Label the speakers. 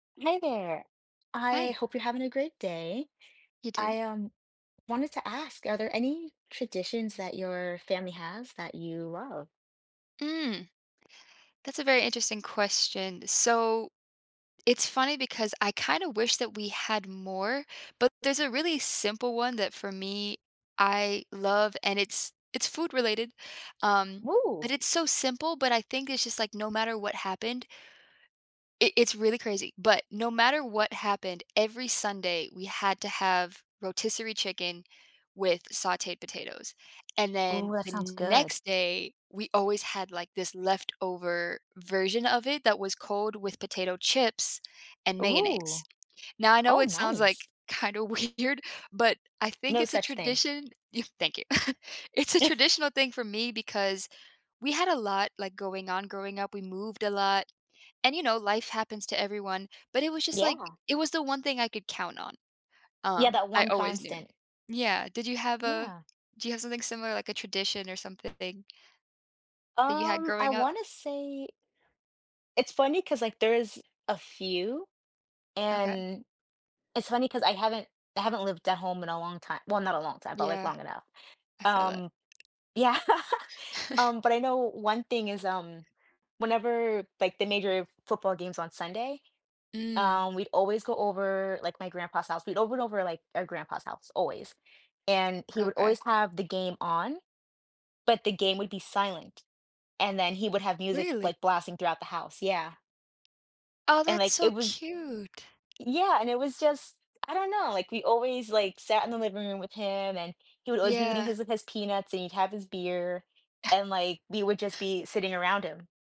Speaker 1: Hey there. I
Speaker 2: Hi.
Speaker 1: hope you're having a great day.
Speaker 2: You too.
Speaker 1: I, um, wanted to ask, are there any traditions that your family has that you love?
Speaker 2: Mm, that's a very interesting question, so it's funny because I kinda wish that we had more, but there's a really simple one that for me, I love, and it's it's food related, um, but
Speaker 1: Whoo!
Speaker 2: it's so simple, but I think it's just, like, no matter what happened it it's really crazy, but no matter what happened, every Sunday we had to have rotisserie chicken with sauteed potatoes, and then
Speaker 1: Ooh, that
Speaker 2: the
Speaker 1: sounds good.
Speaker 2: next day we always had, like, this leftover version of it that was cold with potato chips and mayonnaise.
Speaker 1: Ooh,
Speaker 2: Now I know
Speaker 1: oh,
Speaker 2: it sounds, like,
Speaker 1: nice.
Speaker 2: kinda weird, but I think
Speaker 1: No
Speaker 2: it's a
Speaker 1: such thing.
Speaker 2: tradition thank you. It's a traditional thing for me because we had a lot, like, going on, growing up, we moved a lot, and you know life happens to everyone, but it was just, like,
Speaker 1: Yeah.
Speaker 2: it was the one thing I could count on,
Speaker 1: Yeah,
Speaker 2: um,
Speaker 1: that
Speaker 2: I
Speaker 1: one
Speaker 2: always knew,
Speaker 1: constant.
Speaker 2: yeah. Did you have a
Speaker 1: Yeah.
Speaker 2: do you have something similar, like, a tradition or something that you had
Speaker 1: Um, I
Speaker 2: growing up?
Speaker 1: wanna say it's funny 'cause, like, there's a few,
Speaker 2: Okay.
Speaker 1: and it's funny 'cause I haven't I haven't lived at home in a long ti well, not a long time, but, like,
Speaker 2: Yeah.
Speaker 1: long enough,
Speaker 2: I feel that.
Speaker 1: um yeah, um, but I know one thing is, um, whenever, like, the major football games on Sunday,
Speaker 2: Mm.
Speaker 1: um, we'd always go over, like, my grandpa's house, we all went over, like, our grandpa's house, always, and he would
Speaker 2: Okay.
Speaker 1: always have the game on, but the game would be silent, and then he would have music,
Speaker 2: Really?
Speaker 1: like, blasting throughout the house, yeah.
Speaker 2: Oh,
Speaker 1: And,
Speaker 2: that's
Speaker 1: like,
Speaker 2: so
Speaker 1: it was
Speaker 2: cute.
Speaker 1: yeah, and it was just I don't know, like, we always, like, sat in the living room with him, and he would always be eating
Speaker 2: Yeah.
Speaker 1: his with his peanuts, and he'd have his beer, and, like, we would just be sitting around him.